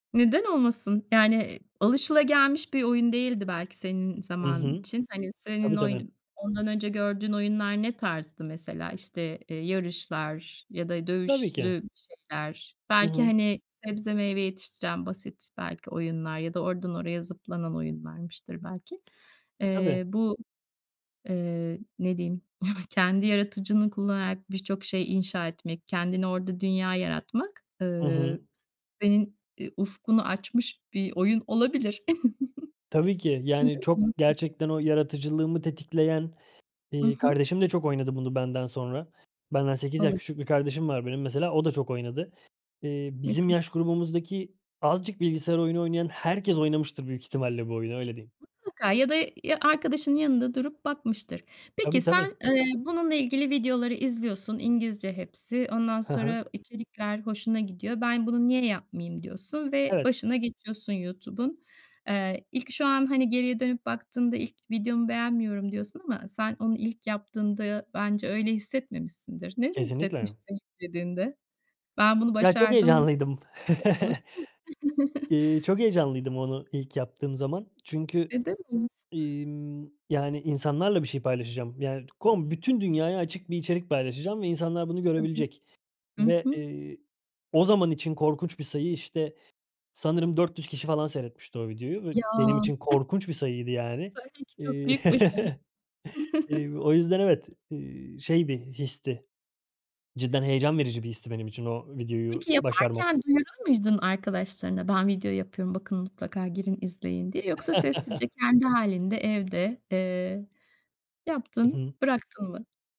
Neden olmasın? Yani, alışılagelmiş bir oyun değildi belki senin Hı zamanın hı. için. Hani, Tabii senin oy tabii. ondan önce gördüğün oyunlar ne tarzdı mesela? İşte, eee, yarışlar ya da Tabii ki. dövüşlü şeyler. Hı Belki, hı. hani, sebze meyve yetiştiren basit, belki, oyunlar ya da oradan oraya zıplanan oyunlarmıştır belki. Tabii. Eee, bu, eee, ne diyeyim? Kendi yaratıcılığını kullanarak birçok şey inşa etmek, kendini orada dünya yaratmak, Hı hı. eee, s senin, eee, ufkunu açmış bir oyun olabilir. Tabii ki, Neden yani, çok olmasın? gerçekten o yaratıcılığımı tetikleyen, Hı eee, hı. kardeşim de çok oynadı bunu benden sonra. Benden 8 yaş küçük Anladım. bir kardeşim var benim, mesela, o da çok oynadı. Eee, bizim Müthiş. yaş grubumuzdaki azıcık bilgisayar oyunu oynayan herkes oynamıştır büyük ihtimalle bu oyunu, öyle diyeyim. Mutlaka ya da ya arkadaşının yanında durup bakmıştır. Peki, Tabii tabii. sen, eee, bununla ilgili videoları izliyorsun. İngilizce hepsi. Ondan Hı hı. sonra içerikler hoşuna gidiyor. "Ben bunu niye yapmayayım?" diyorsun ve Evet. başına geçiyorsun YouTube'un. Eee, ilk şu an hani geriye dönüp baktığında "İlk videomu beğenmiyorum." diyorsun ama sen onu ilk yaptığında bence öyle hissetmemişsindir. Nasıl Kesinlikle. hissetmişsin yüklediğinde? Ben bunu Ya, çok başardım. heyecanlıydım. E, alıştım. Iıı, çok heyecanlıydım onu ilk yaptığım zaman. Çünkü, Neden olmasın? iii, ımm, yani, insanlarla bir şey paylaşacağım. Yani, kom bütün dünyaya açık bir içerik paylaşacağım ve insanlar bunu Tabii. görebilecek. Hı Ve, hı. eee, o zaman için korkunç bir sayı, işte, sanırım 400 kişi falan seyretmişti o videoyu. Ya. [unintelligible] Benim için korkunç bir sayıydı, yani. Tabii ki çok büyük başarı. Eee, o yüzden, evet, eee, şey bir histi. Cidden heyecan verici bir histi benim için o videoyu Peki, başarmak. yaparken duyurur muydun arkadaşlarına? "Ben video yapıyorum, bakın mutlaka girin izleyin." diye. Yoksa sessizce kendi hâlinde evde, eee, Hı yaptın hı. bıraktın mı?